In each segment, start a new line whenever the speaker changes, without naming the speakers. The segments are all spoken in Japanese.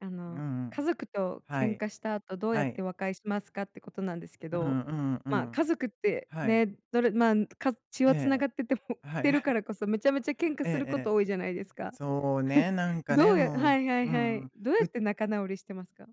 あ
う
の、
んう
家
ん。
族と
は
喧
い。
嘩した後どうやっ
はい。
て和解しますか？ってことなんですけ
う
ど、
んうんう
まあ
ん。
家族って、
はい。
ね、どれまんか血
え
はつな
え。
がっててもっ
は
てるか
い。
らこそ、めちゃめちゃ喧嘩
ええ
するこ
え
と
え。
多いじゃないですか？
そうね、なんか
ど
ね、
うやは
も
いは
う、う
いはい、
ん。
どうや
う
って仲直りしてますか？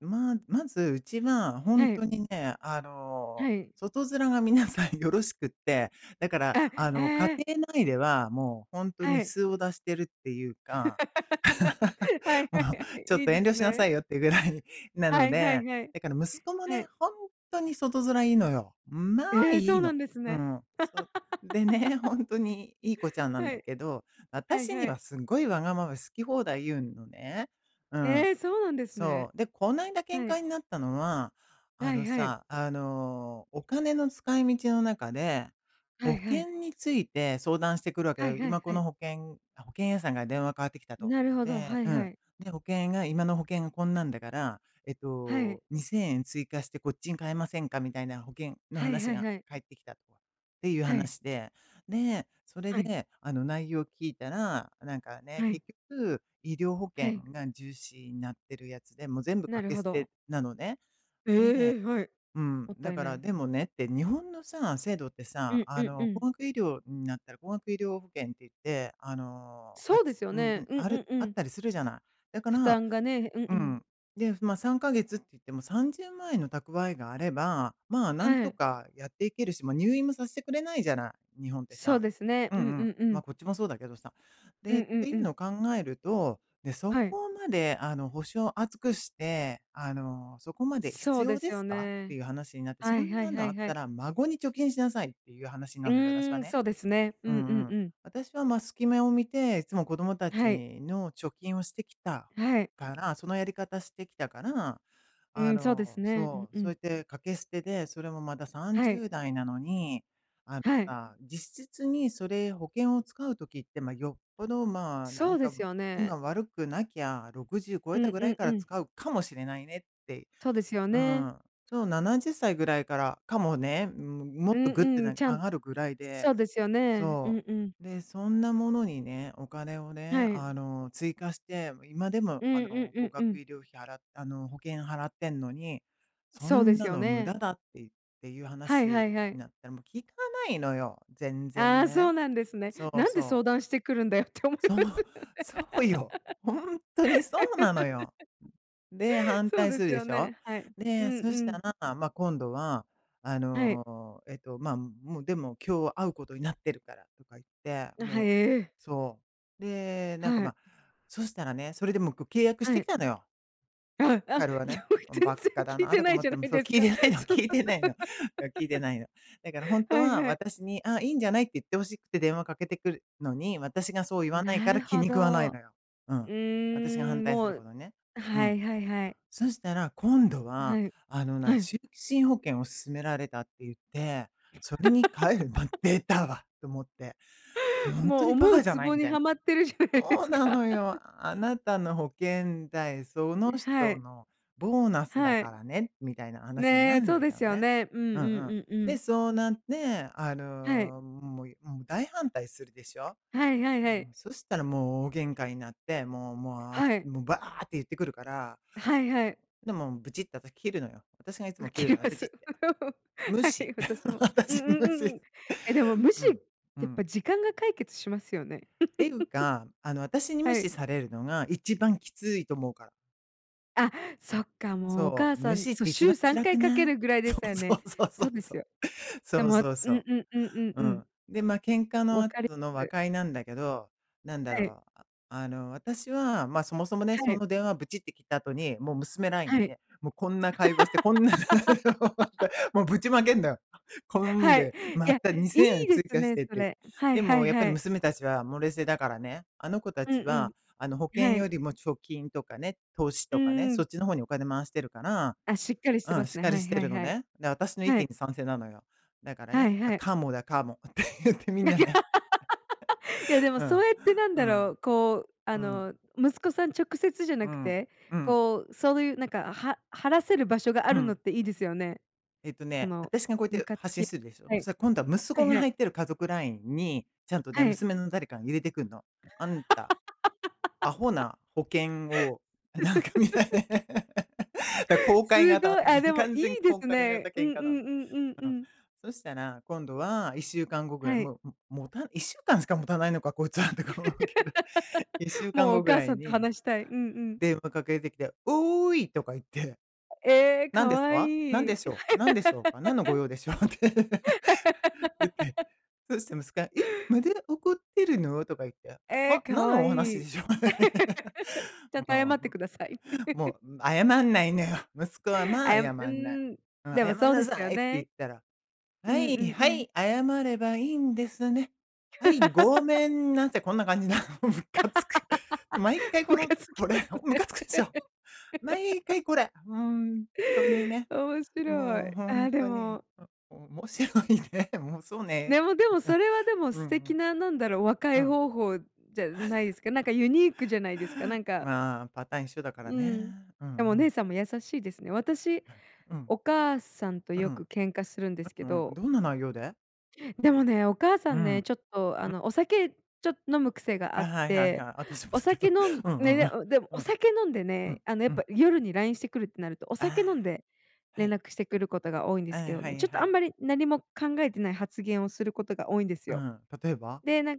まあ、まずうちが、ほ
は
ん
い。
とにね、あの、
はい。
外面が皆さんよろしくって、だから、
え、
あ
え
の、家
え。
庭内ではもうほんとに
はい。
素を出してるっていうか。
は い
も
は
う
いは
「ちょ
い、
っ
いい
と
で
遠慮
す
しな
ね。
さいよ」っていうぐらいなの
はいは
で。
いはい。
だから息子も
は
ね、
い。
ほんっとに外面いいのよ。んまあ
ええ、
い
そ
い
うな
の。
んです
うー
ね。
ん。そ、でね、ほ んとにいい子ちゃんなん
は
だ
い、
けど、
はい
私に
はい。
はすっごいわがまま、好き放題言うのね。うん。
ええ、そうなんです
そ
ね。
う。で、こないだ喧
はい。
嘩になったのは、あ
は
の
いはい。
さ、あの、お金の使い道の中で、
は
保
いはい。
険について相談してくるわけだ
はい
よ。
はい
今こ
はい。
の保険あ、保険屋さんから電話変わってきたと。
なるほど。
で、
は
う
いは
ん、
い。
で、保険が今の保険こんなんだから、えっ
はい。
と、2000円追加してこっちに変えませんかみたいな保険の
はい
話
はい
が
はい。
返ってきたと。っていう
はい。
話で、で、それ
はい。
で、あの内容を聞いたら、なんかね、
はい。
結局、医療保
は
険
い。
が重視になってるやつで、も、全部
な
掛
る
け
ほ
捨
ど。
てなのね。
ええ！はい。
で、うん、
もっ
だ
たい
か
な
ら、
い。
でもねって、日本のさ、制度って
う
さ、
ん
あ
うんう
の、
ん。
高額医療になったら高額医療保険って言って、あの、は
そうで
つ
すよね。
ん
うん
あ
う
る
んう
あっ
ん。
たりするじゃない。だか
負
ら
担がね。うん
う
うん。
ん、で、ま、3ヶ月って言っても30万円の蓄えがあれば、ま、なん
は
と
い。
かやっていけるし、入院もさせてくれないじゃない、日本って
そう
さ。
ですね。
うんう
うんう
ん。
んう
ま、
ん。
こっちもそうだけどさ。
うん
で、
う
て
ん
い
う
う
ん。
の考えると、ね、そ
はい。
こまで、あの、保証厚くして、あの、そこまで必
そう
要
です
です
よ
か？ってい
ね。
う話になって、
は
そ
い
ん
は
な
い
の
は
あ
い
っ
は
た
い。
ら孫に貯金しなさいっていう話
う
なのよ、私
ー
は
ん、
ね。
そうですね。う
う
んう
ん
ん
う
う
ん。
ん。
私はま、すき目を見ていつも子供た
はい。
ちの貯金をしてきた
はい。
から、そのやり方してきたから、
う
あ
ーん、そうです
の、
ね。うん
そう、
う
そうや
ん。
って掛け捨てで、それもまださん
は
じゅ
い。
うだいなのに、あの
はい。
さ、実質にそれ保険を使う時って、ま、よっぽど、ま、な
そ
ん
うで
か
すよ
運
ね。
が悪くなきゃ60超
う
えた
ん
ぐ
う
らい
ん
か
う
ら
ん。
使うかもしれないねって。
そうですよ
う
ね。
ん。そう、70歳ぐらいから、かもね。うーん、も
う
っと
ん
グッて
うん、
何、
ちゃ
上
ん
がるぐらい
そ
で、
うですよね。う
そ
んうん。
う。で、そんなものにね、お金をね、
はい。
あの、追加して、今でも
う
あ
んうん
の、
う
高
んう
額
ん。
医療費払あの、保険払ってんのに、そ
そうで
ん
す
な
よ
の無
ね。
駄だって言っていう
はい
話
はいは
に
い。
なって、も、聞かないのよ。全
あ
然
あ、そ
ね。
うなんですね。
そう
なんで
そう。
相談してくるんだよって思い
そう、
ますよね。
そうよ。ほんっとにそうなのよ。で、反
そう
対
で
する
す
で
よ
しょ。
ね。はい、う
で、
ん
そ
う
した
ん。
ら、ま、今度は、あ
はい。
の、えっと、ま、もうでも今日会うことになってるからとか言って、
あ、は
も
い、
う、
ええ。
そう。で、なんか
はい。
ま、そしたらね、それでもこう、契約し
は
てき
い。
たのよ。
ああ、あ、よ
彼はね。
く、
ん、
全
ばっか
然
だ
聞い
な
て
とか
ない
思っ
じゃ
て。
な
も
い
そう、
です
聞い
か。
てないの聞いてないの。そ、聞いてないの。だからほん と
はい
は
はい。
私に「ああ、いいんじゃない」って言って欲しくて電話かけてくるのに、私がそう言わない
な
から
る
気
ほ
に食わない
ど。う
のよ。うん。私が
ー
反
ん、
対す
も
るこ
う
とね。う
は
ん。
いはいはい。
そしたら今度は、
はい。
あの、な
はい。
終身保険を勧められたって言って、それに変えるま、「でたわ！」と思って。も、ほんと
もう
にバ
思う
カじゃ
ツ
ない
ボ
み
に
たいな。
はまってるじゃないで
そう
す
な
か。
のよ。あなたの保険代、その
ん、は
人
い。
のボーナスだ
は
か
い。
らね、みたいな話にな
ね、
るん
そ
だ
うで
けど
すよ
ね。
ね。うん、う
うんうん。
んうんう
で
ん。
そうなって、あ
はい。
の、もいもう大反対するでしょ。
はいはいは
でも、
い。
そしたらもう大喧嘩になって、もうもう、あ、
はい。
もうバーって言ってくるから。
はいはい。
でもブチッと私切るのよ。私がいつ
う
も切る
け
のよ、
ま
ブチっ
す。
て。無
は
視。
い、私も。うん
私が
うん
無
うんう
視。
ん。え、でも無
う
視
ん、う
やっぱ
ん。
時間が解決しますよね。
っていうか、あの私 に無
は
視
い。
されるのが一番きついと思うから。
あ、そっかもう、お
そ
母
う。
さ
無
ん
視っ
そ
て一番
週さん
辛
か
く
いかけ
ない？
るぐらいで
そ
す
う
よ
そ
ね。
うそうそ
そう
う
で
そ
す
う。
よ。
そ
で
う
もう
そうそ
ん
う。
うんうんうん
う
う
ん。
ん。
で、ま、喧嘩の
わ
後
かりっ
の和
す。
解なんだけど、何だ
はい。
ろう。あの、私は、ま、そもそもね、
は
そ
い。
の電話ブチって切った後に、もう娘ライン
は
に
い。
ね、も、こんな会話して、こんな内容だっ て、も、ぶちまけんのよ。こん
はい。
で、ま
や、
たに
い
せんえん
いで
追
す
加し
ね、
てっ
そ
て。
れ。はい
で
は
も
い
やっぱ
は
り
い。
娘たちは、も、冷静だからね。あの子た
うん
ちは、あの、保
うん。
険
は
よ
い。
りも貯金とかね、投資
う
とかね、
ー
そ
ん。
っちの方にお金回してるから
あ、しっかりして
う
ま
ん、
す
しっ
ね、
か
は
り
い
して
はい
るの
はい。
ね。で、私の意
は
見
い。
に賛成なのよ。だから
は
ね
い
「あ、
はい。
カモだカモ」って言ってみんなね、
いやで も
う
そ
ん、
うやって、なん
う
だろ
ん、
う、こう、あ
うん。
の、息子さん直接じゃ
う
なく
ん、
て、
うん。
こう、そういうなんか、は話せる場所があ
う
るのっ
ん。
ていいですよね。
えっと
こ
ね、
の
私がこうやっ
ム
て
カつ
発信
き
するでしょ。
は
そ
い。
れ、今度は息
は
子
い
が
はい。
入ってる家族ラインに、ちゃんとね、
はい。
娘の誰かが入れてくんの。あんた、アホ な保険を、なんかみたい な、だ公開
すご
型。
い、あ、でもい
完全
いで
公
す
開型
ね。うん
喧
うんう
嘩なの。
んうんう
うん。
ん。
そしたら今度は1週間後ぐらい、
はい。
もう、ももた1週間しかもたないのかこいつはとか思うけど、いっしゅう かん
もう
ご
お
ぐ
母
ら
さ
い
んと
に
話したい。うんうん。
電話かけてきて「おーい」とか言って
ええ、
「何
か
です
わ
か？何
い
で
い。
しょう？何でしょうか？何の御用でしょう？」って言って。そうして息子が、「え、まだ怒ってるの？」とか言って。
ええ、
「あ、
か
何
わ
のお話
い
で
い。
しょ？」
ちゃん と謝っ
も
てください。
う、も う謝んないのよ。息子はま
あ
あ
やう
謝んない。
ーん、
「ん、
で
謝
も
ん
そう
な
です
さ
よ
い」って言っ
ね。
たら、
う
「は
んう
い
ん
は
うん。
い、謝ればいいんですね、はい、ごめ んなさい」こんな感じなの。ムカつく。毎回 こ
ム
の、
カつき
こ
ます
れ、おムカつくでし
ね。
ょ？毎 回これ。ほんっとにね。
面白
もう
い。
ほ
あ
んっ
あ、で
とに、
も
お面白いね。もう、そうね、
でもでも、それは、でも、
うん。う
素
んう
敵
ん。
な、なんだろう、和
う
解
ん。
方法じゃないで すか。なんかユニークじゃないですか。なんか
まあ、パターン一緒だから
う
ね。
ーん、
うんう
あ、お姉
ん。
さんも優しいですね。私、
うん。
お母さんと
う
よく
ん。
ケンカするんです
う
け
ん。
ど。
どんな内容で？
でもね、お母さ
う
ん
ん。
ね、ちょっと、あ
ん。
の、お酒ちょっ飲む癖が
あ、
あっ
はいはい
て、
はい。あたしもだ
お
け
酒
ど。
飲ん
うんう
ね
んう
で
ん。
んでも、
う
お
ん。
酒飲んで
うん
ね、あのや
う
っぱ
ん。
夜にラインしてくるってなると、お
あ
酒飲んで
あ、は
連
い。
絡してくることが多いんで
あ
すけ
あ、
ど
は
ね。
い
ちょっ
は
と、あん
い。
まり何も考えてない発言をすることが多いんです
うー
よ。
ん。例えば？
で、なん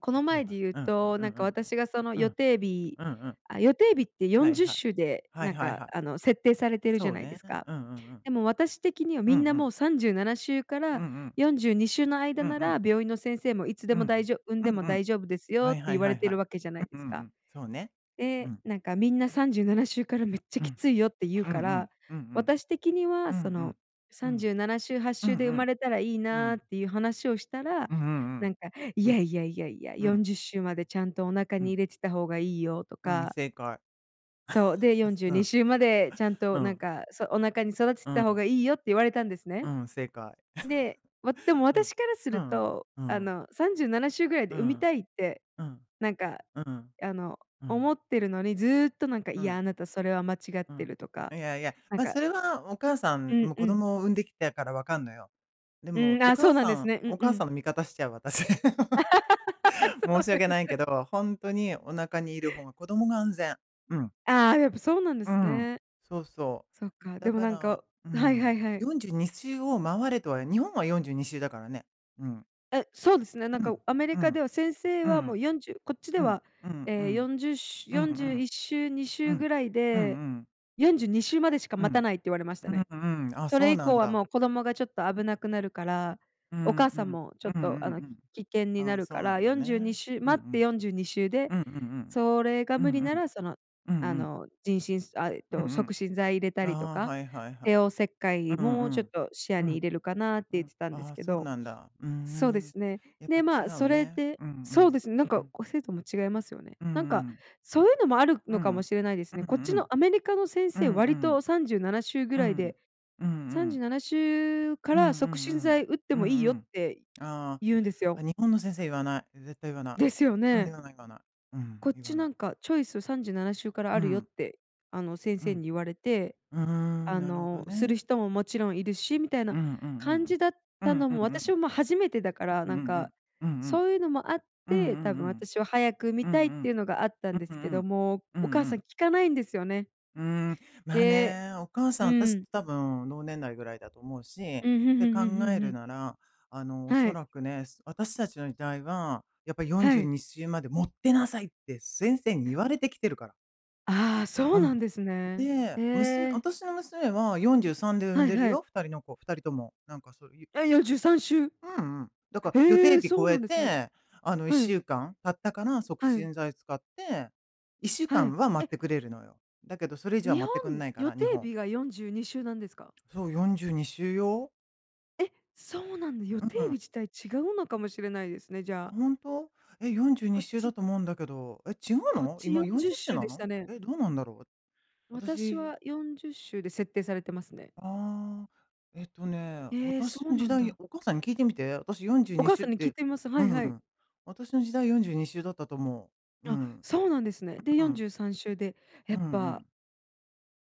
この
例え
前
ば、
で言う
うん。
と、
うん
なん
う
か
ん。
私がその
う
予
ん。
定日
うんうん。
あ、予定日ってよ
は
ん
い
じゅっ
はい。
しゅうで、
はい
なん
はい
か、
はい。
あの、設定されてるじ
そ
ゃ
う
ないで
ね、
すか。
うんうんうん。
でも私的には、
うん
み
う
んな
ん。
もう37週か
うん
ら
うん。
42週の間
うん
な
うん。
ら病院の先生もいつ
う
で
んう
も大
ん。
丈産ん
う
でも
んうん。
大丈夫ですよ
は
っ
い
て
はい
言わ
は
れ
い
てい
はい。
るわけじゃない
う
で
んう
す
んう
か。
ん。そうね。う
で、
ん。
なんかみんな37週からめっちゃ
う
き
ん。
ついよって言う
うんう
か
ん。
ら、
うんうん。
私的に
う
は、
ん
そ
う
の
ん。う
さんじ
ん。
ゅうななしゅうはっ
う
しゅ
ん
うで生
う
ま
ん。
れたらいい
う
なあっ
ん。
ていう話をしたら、
うんう
な
ん
んか「い
うん。う
や
ん。
いやいやいや、
う
よん
ん。
じゅっしゅうまでちゃんとお腹
う
に
ん。
入れてた方がいいよ」と
うん、
か。
正解。
そう、でよん じゅう
う
に
ん。
しゅうまでちゃん
う
となん
ん。
か、そお腹に育て
う
た
ん。
方がいいよって言われたんですね。
うん、正解。
で、わでも
うん。
私からす
う
る
んうん。
と、
う
あ
ん。
の、37週ぐらい
う
で産み
ん。
たいって、
うん。
なんか、
うん。
あの、
うん。
思ってるのに、ずっとなんか
う
「いや、
ん。
あなたそれは間違っ
う
て
ん。
る」とか、
いやいや、
なん
ま、
か
それはお母さ
う
ん
ん
も
う
子
ん。
供を産んできたから分かんのよ。で
うー
も
ん、
お
あ、そ
母
うなん
さ
です
ん
ね。う
お
んう
母さ
ん。
んの味方しちゃう、私。
そ
申
う
し
で
訳
す
ないけ
ね。
ど、ほんとにお腹にいる方が子供が安全。うん。
ああ、やっぱそうなんで
うー
す
ん、
ね。
そうそ
そっ
う。
か、
だ
でも
か
なん
ら、
か
う
はいは
ん、
いはい。
42週を回れとは日本は42週だからね。うん。
え、そうですね。なん
う
か
ん。
アメリ
う
カで
ん。
は先生
う
はも
ん。
う40、こっちで
うん。
は、
うんう
ええ
ん。
40しゅ
うんう
よんじゅうい
ん。
っしゅうにし
う
ゅう
ん。
ぐらい
うんう
で、
ん。
42週までしか
う
待た
ん。
ないって言われました
う
ね。
んうん。あ、
そ
そ
れ
う
以
な
降
ん
は
だ。
もう子供がちょっと危なくなるから、
うー
お
ん、う
母さん
ん。
も、ちょっ
うん-う
と、あ
ん
の、
うん。
危険に
あ
な
あ、
る
そ
か
うな
ら、
んだ
よんじゅうに
ね。
しゅう
うんう
待って
ん。
42週で、
うんうん
それが
うん。う
無
ん
理
う
な
ん。
らその、
うん
あ
うん。
の、陣しんあ、えっ
うん
と、
う
促
ん。
進剤入れたりと
ああ、
か、
はいはいは
帝王
い。
切開
うんう
もちょっ
ん
と視野
うん。う
に入
ん。
れるかなって
う
言っ
ん、
てたんです
ああ、
け
そう
ど。
なんだ。うー
そうで
ん。
すね。
やっぱ
で、
違
ま、そ
う
れ
ね。
で
うんう
そうで
ん。
すね。なん
う
か、
ん。
こう制度も違いますよね。
うんう
なんか、
ん。
そういうのもある
う
のかも
ん。
しれないです
うん
ね。こっち
う
の
ん。
アメリカの先
う
生、
んう
割と
ん。
37週ぐ
う
らい
ん。
で
うん
さん
う
じゅ
ん。
うななしゅうか
うんう
ら促進
ん
剤打って
うん。う
もいいよっ
ん
て
うん。あ
言うんですよ。
あ。あ、日本の先生言わない。絶対言わない。
ですよ
うん、
ね。
言わない言わない。うん、
こっ
言
ち
わな
な
い。
んか、チョイス37週から
う
あるよっ
ん。
て、あの、先
う
生に
ん。
言われて、
うーん、
あ
なるほど
の、する
ね。
人ももちろんいるし、みたい
う
な
んうんう
感じ
ん。
だっ
う
た
ん
の
う
も、
んう
私
ん。
は、ま、初めてだから、
うん
な
う
んか、
ん。うんうん。
そういうのもあっ
うんう
て多
んう
分
ん。
私は早く産み
う
たい
ん
っ
う
てい
ん。
うのがあったんで
う
す
んう
け
んう
ど、
ん。
もう、
う
お
ん
母
う
さ
ん。
ん聞かないんですよね。
うーん、まあ
で、
ね、お母
う
さん、私、
ーん。
多分同年代ぐらいだと思うしっ
うん、ふん
て
ふん
考
ふんふん
え
ふ
る
ん。
なら、あの、お
は
そ
い。
らくね、私たちの時代は、やっぱ「よん
は
じゅう
い。
にしゅうまで持ってなさい」って先生に言われてきてるから。
ああ、そ
う
うな
ん。
んですね。
で、
へ
娘
え。
私の娘は43で産ん
はい
でる
はい。
よ、2人の子。2人とも。なんかそういう
え、43週。
うんうん。だか、予
え
定
え、
日
そう
超
な
え
んですね。
て、あのいっ
は
し
い。
ゅうかん経ったから、促
はい。
進剤使っていっしゅうか
は
ん
い。
は待
え
っ
っ
てくれるのよ。だけどそれ以上は
日
待ってくん
本、
ないか
予
ら、日
定
本。
日が42週なんですか？
そう42週よ。
え、そうなんだ。予
うん
定
う
日
ん。
自体違うのかもしれないですね、じ
あ、
ゃあ。
ほんと？え、よんじゅう
こ
に
っ
しゅうだ
ち
と思うんだけど。え、違う
こっ
の？
ち
今
よ
よ
ん
ん
じゅ
じ
っ
ゅっしゅ
し
う
ゅう
な
でし
の？
たね。
え、どうなんだろう。
私
私。
は40週で設定されてますね。
ああ。えっとね、
ええ、そ
私
う
の時
なん
代、
だ。
お母さんに聞いてみて。私よんじゅう
お
に
母
しゅう
さ
っ
んに聞い
て
てみます。は
う
いはい。
ん。私の時代42週だったと思う。う
あ、
ん。
そうなんですね。で
うん
よ
う
ん
ん。
じゅうさんしゅうで。や
うん
っ
う
ぱ
ん。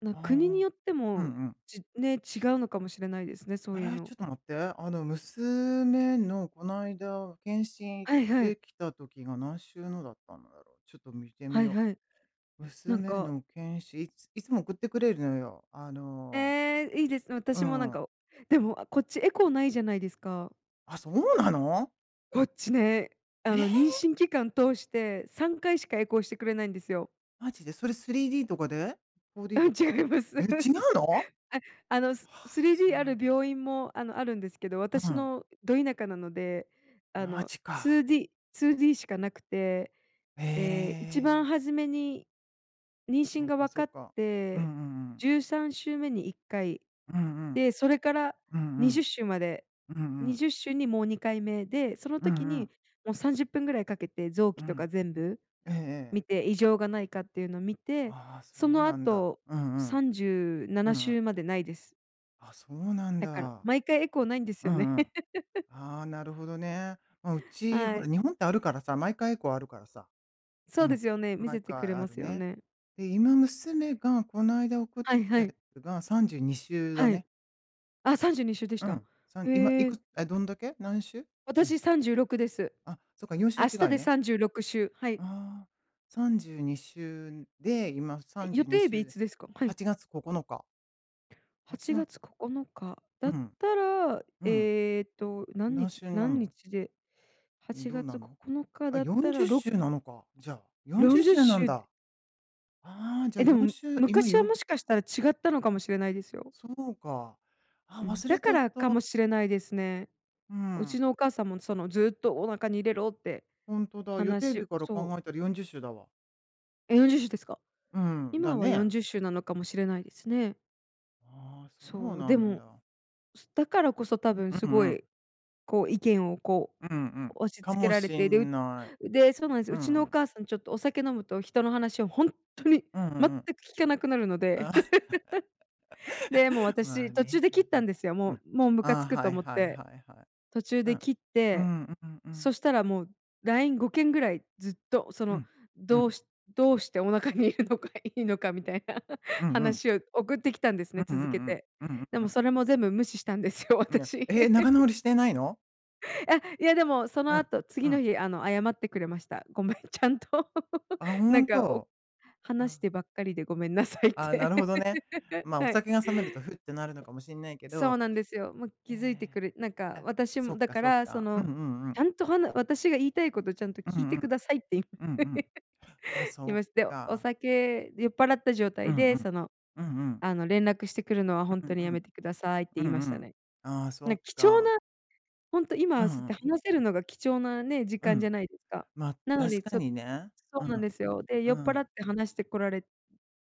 あの、
あ
国に
あ、
よって
うんう
も、
ん。
じね、違うのかもしれないですね。そ
え
ういう
え、
の。
ちょっと待って。あの、娘のこないだ検診行っ
はいはい。
てきた時が何週目だったんだろう？ちょっと見てみ
はい
よ。
はい。なん
娘
か
の検診、いついつも送ってくれるのよ。あの、
ええ、いいですね。
うー
私もなん
ん。
かおでも、あ、こっちエコーないじゃないですか。
あ、そうなの。
こっちね、あ
え
の妊
え。
娠期間通して3回しかエコーしてくれないんですよ。
マジで。それ 3D とかで。4D
あ、
とか。
違います。
え、違うの？は
あ、あの、
あ、そ
3D
う
あ
なん
る
だ。
病院も、あの、あるんですけど、
う
私
ん。
のど田舎なので、あ
ま
の、
じか。
2D 2D しかなくて。ええ、一
ええ。
番初めに妊娠
そう
が
か
わ
そ
か
う
っ
か。うんう
て、
んうん。
13週目に1回
うんうん。
で、それから
うんう
にじゅっ
ん。
しゅうまで
うんう
に
ん。
じゅっしゅうにもう2回目で、その
う
時
んうん。
にもう30分ぐらいかけて臓器
う
とか
ん。
全部
えええ
見
え。
て、異常がないかっていうのを見て、
ああ、そ
そ
う
の
なんだ。
後
うんう
さ
ん。
んじゅうな
う
なし
んうん。
ゅうまでないです。
あ、そうなん
だから
だ。
毎回エコーないんです
う
よね。
んうん。ああ、なるほどね。ま、うち、ほ
は
ら
い。
日本ってあるからさ、毎回エコーあるからさ、
そ
う
うで
ん。
すよね。見
毎
せてく
回
れ
あ
ま
る
すよ
ね。
ね。
で今娘がこの間送っ
は
て
い
き
は
たや
い。
つが32週だ
はい。
ね。
あ、32週でし
う
た？
ん。3、今
へ
い
え。
くつ、あ、どんだけ？何週？うん。
私36です。
あ、そっか4週
明日
違い
で
ね。
36週。はい。
ああ、32週で、今さ
え、
んじゅ
予
うに
定
しゅ
日
う
い
で
つですか？は
は
い。
ちがつここのか。
は
はち
ち
が
が
つ。
つここのか。だ
う
っ
ん。
たら、
うん。
ええと何
何
日
週になん
何
の？
日で、はち
どう
が
な
つこ
の？
このか
あ、
だっ
よん
た
じ
ら、
ゅっ
ろ
しゅうなのか、じゃあ。よん
よ
じゅ
ん
っ
じゅ
し
っ
ゅうな
し
ん
ゅう。
だ。ああ、じゃあ
え、で
よん
も、
しゅう、今
昔は
よ
もしかしたら違ったのかもしれないですよ。
そうか。あ、
うん、
忘
だ
れち
か
ゃっ
らか
た。
もしれないですね。
う
う
ん。
ちのお母さんも、その、「ずっとお腹に入れろ」って
ほんとだ。予定
話を、
日から
そ
考
う
えたら40週だわ。
え、40週ですか？
うん、だ
今はよん
ね。
じゅっしゅうなのかもしれないですね。
ああ、そう
そう、
な
で
ん
も
だ。
だからこそ、多分
う
すご
んうん。
い意見を、こ
うんうんう
う、
ん。
押し
か
付け
も
られ
し
て
ん
る、
ない。
で、そうなんです、
う
う
んう
ちのお
ん。
母さんちょっとお酒飲むと人の話をほんっとに
うんう
全く
んうん。
聞かなくなるので。で、もう
ま
私
あ
途中
ね、
で切ったん
ま、
ですよ。
うんう
も
ん。
うもうムカ
あ
つ
あ、
くと
はい
思っ
はい
て、
はいはい。
途中
うん。
で
う
切っ
ー
て、
ん、うんうん。
そしたらもうライン5件ぐらいずっとそ
う
の、
ん。う
ど
ん。
うしどうしてお腹にいるのがいいのかみたいな
うんうん。
話を送ってきたんです
う
ね、
んうん
続け
うん。
て。
うんう
で
んう
も
ん。
それも全部無視したんですよ
うな
私。
ええ、仲 直りしてないの？
あ、いやでも、そ
う
の
ん。
後、
う
次の
ん。
日あの謝ってくれました。ごめんちゃんと。
あ、ほ
なん
ん
か、お
と。
話
あ。
してばっかりでごめんなさいっ
ああ、な
て。
るほどね。ま、お
はい。
酒が冷めるとふってなるのかもしんないけ
そ
ど、
うなんですよ、もう
え
気づいてくれなんか、
え、え、
私
そ
も、
っ
だ
か
か
そっ
ら、そ
か。うんう
の、
んう
ちゃ
ん。
んとはな「私が言いたいことをちゃんと
う
聞い
ん
て
う
く
ん。
ださい」って
うんうん。あ、
言い
そ
まし
っ
て、お
か。
酒「酔っ払った状
う
態
んう
で
ん。
その、
うんうん。
あの、連絡してくるのは本
うん
当に
う
や
ん。
めてください」って言い
う
ま
んう
した
ん。
ね。
ああ、そ
な
っ
貴重
か。
な、ほんと
う
今
ん
そっ
う
て
ん。
話せるのが貴重なね、時
う
間じゃ
ん。
ないですか。
ま、
なの
確
に
か
ちょ
にね。
そ
う
うなんで
ん。
すよ。で、
う
酔っ払
ん。
って話してこられ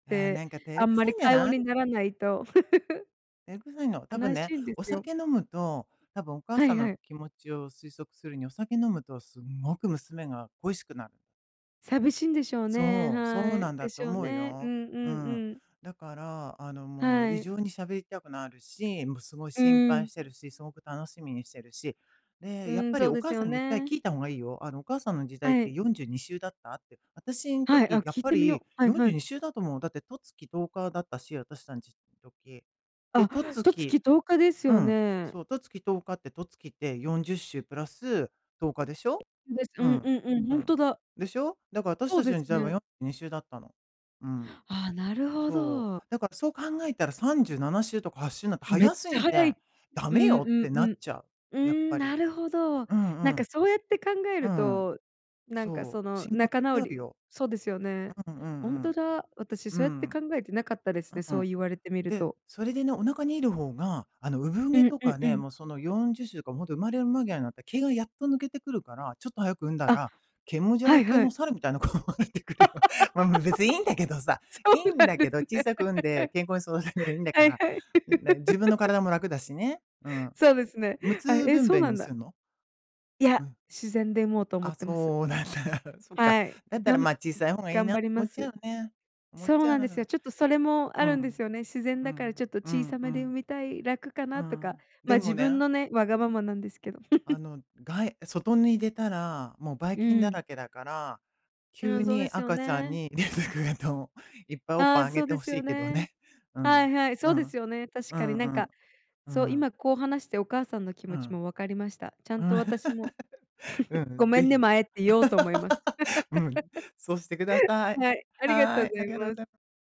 ああ、
て、
なんか照
あ
れ
ん
く
ま
さ
り
いんじゃ
会話
ない。
にならないと。
照れくさいの。多分
悲し
ね、
いんで
お
すよ。
酒飲むと、多分お母
は
さ
い
ん
は
の
い。
気持ちを推測するに、お酒飲むとすんごく娘が恋しくなる。
寂しいんでしょうね。
そう、そう
は
なん
い。
だ
で
と
しょう
思う
ね。う
よ。
んう
う
ん
ん。
うん。
だから、あの、もう
は
異
い。
常に喋りたくなるし、もうすごい
う
心
ー
配
ん。
してるし、すごく楽しみにしてるし、で、
う
やっ
ーん。
ぱり
そう
お
で
母
す
さ
よ
んに1回
ね。
聞いた方がいいよ。あの「お母さんの時代っ
は
て
い。
42週だった？」って。私の
はい。あ、
時やっ
聞い
ぱ
てみ
り
よう。は
よ
い
んじ
は
ゅうに
い。
しゅうだと思う。だって十月十日だったし、私私たち時。で、
あ、
十
十月
月
十日です
う
よ
ん、
ね。
そう。十月十日って、十月って40週プラス10日でしょ。
です、う
う
んう
ん。
んうん。
う
ほん
ん。
とだ。
でしょ。だから私
そう
たち
で
の
す
時代は
ね。
42週だったの。うん。
ああ、なるほ
そう。
ど。
だからそう考えたら37週とか8週なんて
めっ
早す
ちゃ
ぎ
早
て
い。
「ダ
う
メ
ん
よ！」っ
う
て
んう
なっ
ん。
ちゃう。
う
やっ
ーん、
ぱ
な
り。
るほど。
うん
なん
う
か
ん。
そうやって考え
う
る
ん。
と、なんか
そ
そ
う。
の
心配
仲直
になる
り
よ。
そうですよね。
うんう
ほんと
ん
だ。私
うん。う
そうやって
ん。
考えてなかったですね、
う
そう
ん。
言われてみる
で、
と。
それでね、お腹にいる方が、あの産
う
毛
ん
と
うん
か
う
ね、
ん。
もうその40週とかほんと生まれる間際になったら毛がやっと抜けてくるから、ちょっと早く産んだ
あ、
ら、毛もじゃ
は
ら
い
け
は
の
い。
猿みたいな子が出てくるよ。ま、も、別にいいんだけどさ。
そ
いい
うな
ん
ん
だ
で
けど、
す
小
ね。
さく産んで健康に育てればいいんだか
はい
ら。
はい。
ん、なに、自分の 体も楽だしね。うん。
そうですね。
無
はい、
痛
え、
分
そう
娩
な
に
んだ。
すんの？
い
う
や、
ん。
自然で産もうと思っ
あ、
てます。
そうなんだ。そっか。
はい、
だった
びゃ
ら
ん
ま、小さい方がいい
頑
なっ
張
て
り
思
ま
っちゃ
す。
うね。思っ
そ
ち
う
ゃ
なんですよ。
う。
ちょっとそれも
う
あるんで
ん。
すよね。自然
う
だからち
ん。
ょっと
う
小
ん
さ
う
めで産
ん。
みたい楽か
う
なとか。
ん。で
ま、自
も
分
ね
のね、わがままなんですけど。
あ の、がい外に出たら、もうばい
う
菌
ー
だ
ん。
らけだから、
うー
急
ん、そうで
に
すよ
赤ちゃん
ね。
に出てくると、いっぱいおっ
あ
ぱ
あ、
いあげ
そう
て
で
ほ
す
し
よ
いけど
ね。
ね。う
は
ん。
いはい。そ
う
うで
ん。
すよね、確
う
かに、
ん
な
う
ん
ん。
か、
う
そ
ん。
今こう話してお母さんの気
う
持ち
ん。
も分かりました。ちゃ
う
んと
ん。
私も
う
「ご
ん、
め
ぜ
んね、
ひ。
前」って言おうと思います。
うん。そうしてくだ さい。
はい、ありがと
は
う
い。
ござ
あ
い
りがとう
ま
ご
す。
ざい